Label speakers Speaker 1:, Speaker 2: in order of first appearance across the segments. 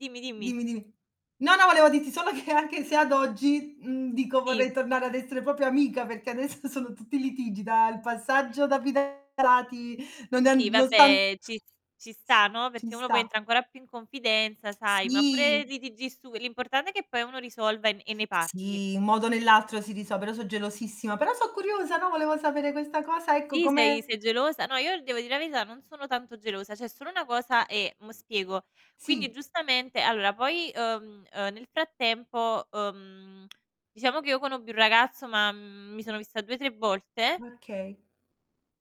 Speaker 1: Dimmi, dimmi.
Speaker 2: Dimmi, dimmi. No, no volevo dirti solo che anche se ad oggi, mhmm, dico
Speaker 1: Sì.
Speaker 2: vorrei tornare ad essere proprio amica perché adesso sono tutti litigi, da il passaggio da fidanzati non è an
Speaker 1: Sì
Speaker 2: non sta an
Speaker 1: vabbè ci s ci sta no,
Speaker 2: Ci
Speaker 1: perché uno poi
Speaker 2: sta.
Speaker 1: entra ancora più in confidenza sai, ma
Speaker 2: Sì.
Speaker 1: pure litigi stu l'importante è che poi uno risolva e n e ne parli.
Speaker 2: Sì un modo o nell'altro si riso però so' gelosissima, però so' curiosa, no, volevo sapere questa cosa, ecco
Speaker 1: Sì? Sei
Speaker 2: come
Speaker 1: sei gelosa? No io devo dire la verità, non sono tanto gelosa, c'è solo una cosa, e mo' spiego. Quindi
Speaker 2: Sì.
Speaker 1: giustamente allora poi, uhm, uhm, nel frattempo, uhm, diciamo che io conobbi un ragazzo ma, mhmm, mi sono vista 2, 3 volte.
Speaker 2: Okay.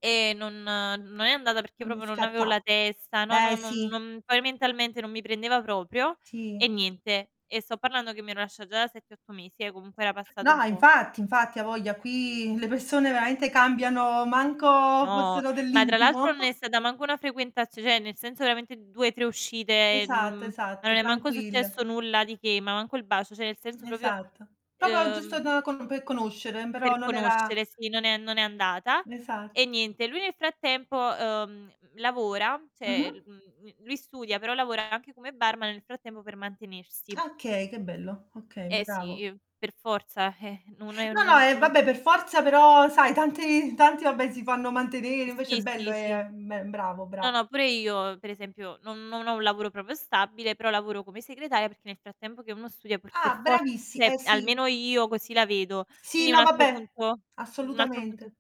Speaker 1: E non non è andata perché
Speaker 2: Non è
Speaker 1: proprio non avevo la
Speaker 2: scattato.
Speaker 1: testa, no no
Speaker 2: Eh,
Speaker 1: non
Speaker 2: sì.
Speaker 1: non poi mentalmente non mi prendeva proprio.
Speaker 2: Sì.
Speaker 1: E niente, e sto parlando che mi ero lascia già da 7, 8 mesi eh, comunque era passato un
Speaker 2: No
Speaker 1: po', c
Speaker 2: infatti, infatti. A voglia, qui le persone veramente cambiano, manco
Speaker 1: No,
Speaker 2: fossero
Speaker 1: ma tra l'altro
Speaker 2: dell'intimo.
Speaker 1: non è stata manco una frequentazio cioè nel senso, veramente 2, 3 uscite e
Speaker 2: Esatto,
Speaker 1: n non
Speaker 2: esatto,
Speaker 1: è manco
Speaker 2: tranquille.
Speaker 1: successo nulla di che, ma manco il bacio, cioè nel senso proprio,
Speaker 2: Esatto. Proprio giusto
Speaker 1: ehm
Speaker 2: da com per conoscere, mhmm, però
Speaker 1: Per
Speaker 2: non era
Speaker 1: conoscere, sì non è non è andata.
Speaker 2: Esatto.
Speaker 1: E niente, lui nel frattempo, uhm, l lavora cioè, l
Speaker 2: Mh-mh.
Speaker 1: mhmm, l lui studia però lavora anche come barman nel frattempo per mantenersi.
Speaker 2: Okay, che bello. Okay,
Speaker 1: Eh sì
Speaker 2: bravo.
Speaker 1: i per forza. Eh, non è
Speaker 2: No, no.
Speaker 1: non c
Speaker 2: Eh,
Speaker 1: non cu
Speaker 2: vabbè per forza però sai tanti tanti vabbè si fanno mantenere, invece è
Speaker 1: Sì,
Speaker 2: bello
Speaker 1: sì, sì.
Speaker 2: è è me bravo,
Speaker 1: No
Speaker 2: bravo.
Speaker 1: no, pure io, per esempio, non non ho un lavoro proprio stabile, però lavoro come segretaria perché nel frattempo che uno studia pur per
Speaker 2: Ah,
Speaker 1: for
Speaker 2: bravissi eh
Speaker 1: cioè
Speaker 2: sì.
Speaker 1: almeno io così la vedo.
Speaker 2: Sì,
Speaker 1: Quindi un
Speaker 2: no
Speaker 1: altro
Speaker 2: vabbè.
Speaker 1: punto un altro punto in
Speaker 2: Assolutamente.